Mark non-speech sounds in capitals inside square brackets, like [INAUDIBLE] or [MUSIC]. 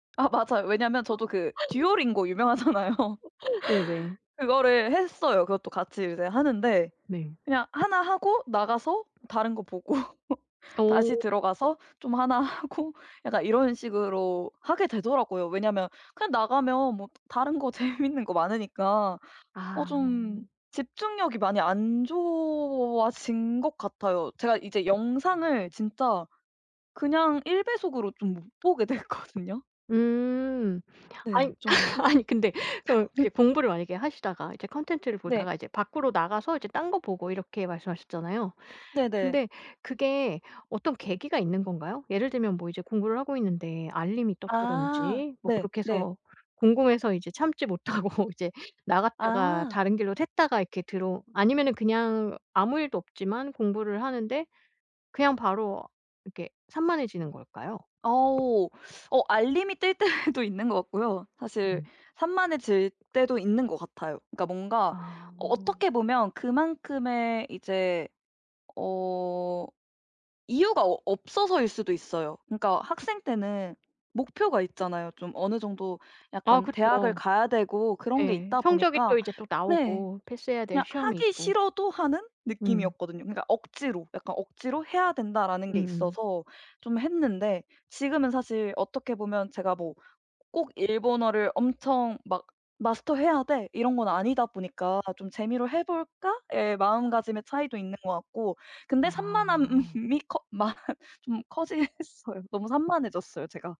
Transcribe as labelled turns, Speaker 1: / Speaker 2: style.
Speaker 1: 아 맞아요. 왜냐하면 저도 그
Speaker 2: [LAUGHS]
Speaker 1: 듀오링고 유명하잖아요.
Speaker 2: [LAUGHS] 네네.
Speaker 1: [LAUGHS] 그거를 했어요. 그것도 같이 이제 하는데
Speaker 2: 네.
Speaker 1: 그냥 하나 하고 나가서 다른 거 보고
Speaker 2: 어.
Speaker 1: 다시 들어가서 좀 하나 하고 약간 이런 식으로 하게 되더라고요 왜냐하면 그냥 나가면 뭐 다른 거 재밌는 거 많으니까 어
Speaker 2: 아.
Speaker 1: 좀 집중력이 많이 안 좋아진 것 같아요. 제가 이제 영상을 진짜 그냥 1 배속으로 좀 못 보게 됐거든요.
Speaker 2: 음.
Speaker 1: 네
Speaker 2: 아이
Speaker 1: 좀.
Speaker 2: [LAUGHS] 아니 근데 어 이게
Speaker 1: [LAUGHS]
Speaker 2: 공부를 만약에 하시다가 이제 컨텐츠를
Speaker 1: 네.
Speaker 2: 보다가 이제 밖으로 나가서 이제 딴 거 보고 이렇게 말씀하셨잖아요.
Speaker 1: 네네.
Speaker 2: 근데 그게 어떤 계기가 있는 건가요? 예를 들면 뭐 이제 공부를 하고 있는데 알림이
Speaker 1: 아
Speaker 2: 떴다든지 뭐
Speaker 1: 네
Speaker 2: 그렇게
Speaker 1: 네.
Speaker 2: 해서 궁금해서 이제 참지 못하고 이제 나갔다가
Speaker 1: 아.
Speaker 2: 다른 길로 샜다가 이렇게 들어 아니면은 그냥 아무 일도 없지만 공부를 하는데 그냥 바로 이렇게 산만해지는 걸까요?
Speaker 1: 오우. 어 알림이 뜰 때도 있는 것 같고요. 사실
Speaker 2: 음.
Speaker 1: 산만해질 때도 있는 것 같아요. 그러니까 뭔가
Speaker 2: 아.
Speaker 1: 어 어떻게 보면 그만큼의 이제 어 이유가 어 없어서일 수도 있어요. 그러니까 학생 때는 목표가 있잖아요. 좀 어느 정도
Speaker 2: 아
Speaker 1: 약간 대학을
Speaker 2: 그쵸.
Speaker 1: 가야 되고 그런 게
Speaker 2: 예.
Speaker 1: 있다
Speaker 2: 성적이
Speaker 1: 보니까
Speaker 2: 또 이제 또
Speaker 1: 네.
Speaker 2: 나오고 패스해야 될
Speaker 1: 그냥
Speaker 2: 시험이
Speaker 1: 하기
Speaker 2: 있고.
Speaker 1: 싫어도 하는
Speaker 2: 음.
Speaker 1: 느낌이었거든요. 그러니까 억지로 약간 억지로 해야 된다라는 게
Speaker 2: 음음.
Speaker 1: 있어서 좀 했는데 지금은 사실 어떻게 보면 제가 뭐 '꼭 일본어를 엄청 막 마스터 해야 돼.' 이런 건 아니다 보니까 '좀 재미로 해볼까?' 의 마음가짐의 차이도 있는 것 같고 근데
Speaker 2: 아.
Speaker 1: 산만함이 커 많 좀 커지긴 했어요. 너무 산만해졌어요 제가.